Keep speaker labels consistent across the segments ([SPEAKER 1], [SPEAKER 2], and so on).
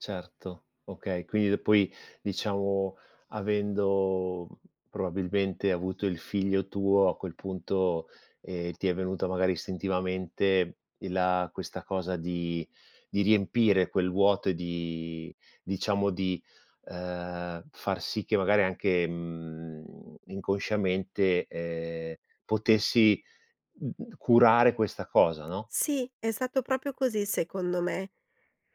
[SPEAKER 1] Certo, okay, quindi poi diciamo avendo, mhmm, probabilmente, avuto il figlio tuo, a quel punto, ehm, ti è venuta, magari, istintivamente, i la questa cosa di di riempire quel vuoto, e di diciamo di, uhm, far sì che magari anche, mhmm, inconsciamente, ehm, potessi, mhmm, curare questa cosa, no?
[SPEAKER 2] Sì, è stato proprio così secondo me,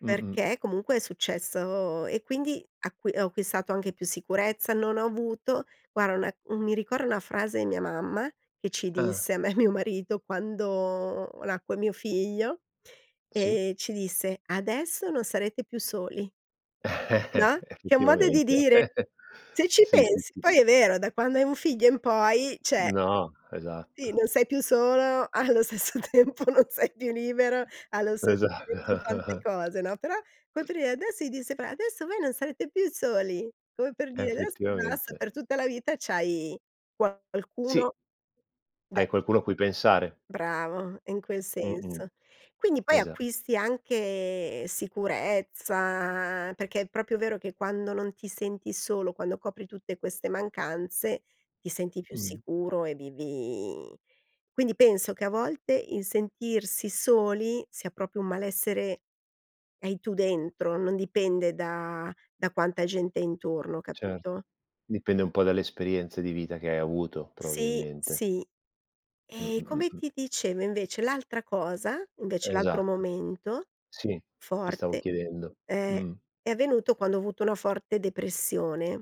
[SPEAKER 1] Mh-mh.
[SPEAKER 2] perché, comunque è successo e quindi acqui ho acquistato anche più sicurezza, non ho avuto guarda, una u mi ricorda una frase di mia mamma, che ci
[SPEAKER 1] Ah.
[SPEAKER 2] disse a me e mio marito quando nacque mio figlio,
[SPEAKER 1] Sì.
[SPEAKER 2] ehm, ci disse: "Adesso non sarete più soli." No? Che è un modo di
[SPEAKER 1] Effettivamente.
[SPEAKER 2] dire. Se ci
[SPEAKER 1] Sì, sì,
[SPEAKER 2] pensi,
[SPEAKER 1] sì.
[SPEAKER 2] poi è vero da quando hai un figlio in poi, cioè
[SPEAKER 1] No,
[SPEAKER 2] Sì,
[SPEAKER 1] esatto.
[SPEAKER 2] non sei più solo, allo stesso tempo non sei più libero, allo stesso
[SPEAKER 1] Esatto.
[SPEAKER 2] tempo tante cose, no, però come per dire: "Adesso" [unintelligible] "adesso voi non sarete più soli." Come per dire: "Adesso basta,
[SPEAKER 1] Effettivamente.
[SPEAKER 2] per tutta la vita, c'hai
[SPEAKER 1] Sì.
[SPEAKER 2] qualcuno da"
[SPEAKER 1] Hai qualcuno a cui pensare.
[SPEAKER 2] Bravo, in quel
[SPEAKER 1] Mh-mh.
[SPEAKER 2] senso. Quindi poi
[SPEAKER 1] Esa
[SPEAKER 2] acquisti anche, sicurezza, perché è proprio vero che quando non ti senti solo, quando copri tutte queste mancanze, ti senti più
[SPEAKER 1] Mh.
[SPEAKER 2] sicuro e vivi quindi, penso che a volte il sentirsi soli, sia proprio un malessere che hai tu dentro, non dipende da da quanta gente hai intorno,
[SPEAKER 1] Certo,
[SPEAKER 2] capito?
[SPEAKER 1] dipende un po' dall'esperienze di vita che hai avuto,
[SPEAKER 2] Sì,
[SPEAKER 1] probabilmente.
[SPEAKER 2] sì.
[SPEAKER 1] Mh,
[SPEAKER 2] E
[SPEAKER 1] mh,
[SPEAKER 2] come
[SPEAKER 1] mh, mh.
[SPEAKER 2] ti dicevo, invece, l'altra cosa invece l'altro
[SPEAKER 1] Esatto.
[SPEAKER 2] momento,
[SPEAKER 1] Sì, ti stavo
[SPEAKER 2] forte,
[SPEAKER 1] chiedendo,
[SPEAKER 2] ehm,
[SPEAKER 1] mh.
[SPEAKER 2] è avvenuto quando ho avuto una forte depressione.